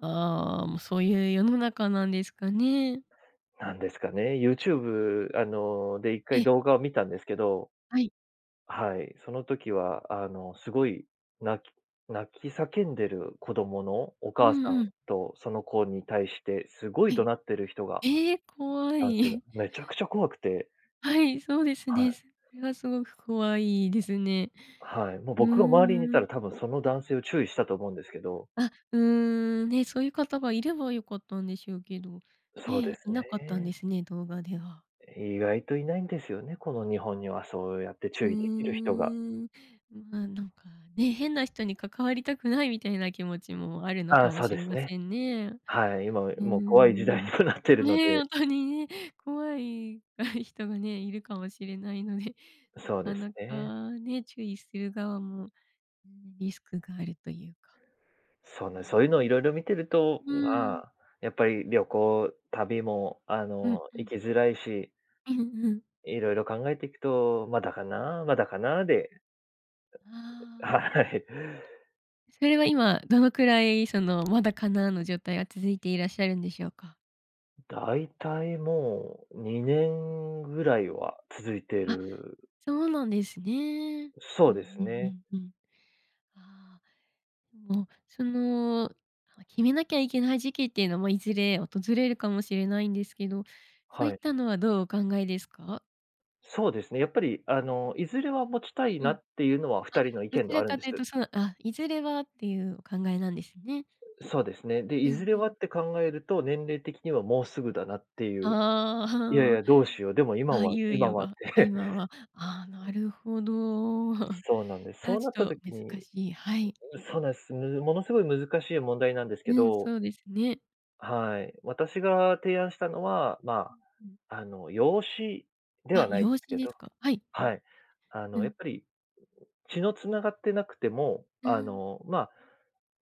ああ、もう、そういう世の中なんですかね。何ですかね、うん。YouTube、あの、で、一え回え。動画を観たんですけどはい。はい、その時は、あの、凄い泣き泣き叫んでる子供のおう母さんんうん。と、その子に対して、凄いは怒い。鳴ってる人がええ、怖男い。性が、めちゃくちゃ怖くて。はい、そうですはね。い。それは凄く怖いですね。はい、もううー僕が周りにいたん。ら、多分その男性を注意したと思うんですけど。あ、うーん、ね、そういう方がいれば良かったんでしょうけど、そうでね、すいなかったんね。ですね、動画では。意外といないんですよね、この日本にはそうやってう注ー意できる人が。ん。ま、なんかね、変な人に関わりたくない、みたいな気持ちもあるのあかあ、もそうしでれすまね。せんね。はい。今、うーもう怖い時代にん。もなってるのね、ほで。んとにね、怖い 人がね、いるかもしれないので、なそうでかすなね。かね、注意する側も、うん、リスクがあるというか。そうね、そういうのを色々見てると、うーん。うーん。ま、やっぱり旅行旅も、あうんの、う行ん。きづらいしうんうん。色々考えていくと、まだかな、まだかなで。ああ。はい。それは今、どのくらい、その、まだかな、の状態が続いていらっしゃるんでしょうか？大体もう、にうんねうん。んぐらいは続いてあ、る。そうなんですね。そうんうですうね。んうんうん。ああ。もう、その、はわい、決めなきゃいけない時期っていうのも、いずれ訪れるかもしれないんですけど、そういはっい。たのは、どうお考えですか？そうですね。やっぱり、あううん。の、いずれは持ちたいうなん。っていうのは、あ、二人の意ど見ちではらあるんかでとす。いうと、その、あ、いずれはっていうお考えなんですね。そうですね。で、ういずんれうはん。って考えると、年齢的にはもうすぐだなっていう。いやいああや、あどうしよう。でもあ。今あ、は猶今予はっが、て。今は、ああ、なるほど。そうなんです。そや、うちなったょっと時難にうしい。はい。そうなんす。ぬものう凄いん。難しい問題なんですけうん、ど。そうですね。はい。私が提案したのは、うま、ん、うん。あの、養子であ、はないで養す子けですどか？はい。はい。あうん、うの、やっん。ぱり、血の繋がってなくても、うーあん。の、ま、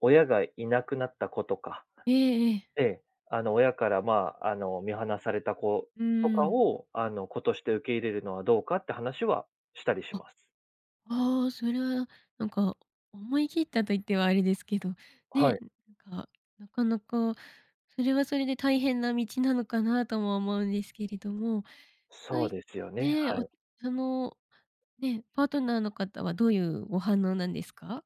親がいなくなった子とかええええ。ええ、あの、親から、ま、あの、見放された子うーとかん。を、あの、子として受け入れるのはどうか？って、話はしたりしあ。ます。ああ、それは、なんか思い切ったと言ってはあれですけど、はね、い。なんか、なかなか、それは、それで大変な道なのかなとも思うんですけれども。そそういですよね、ね、はおい。その、ね、パートナーの方はどういうお反応なんですか？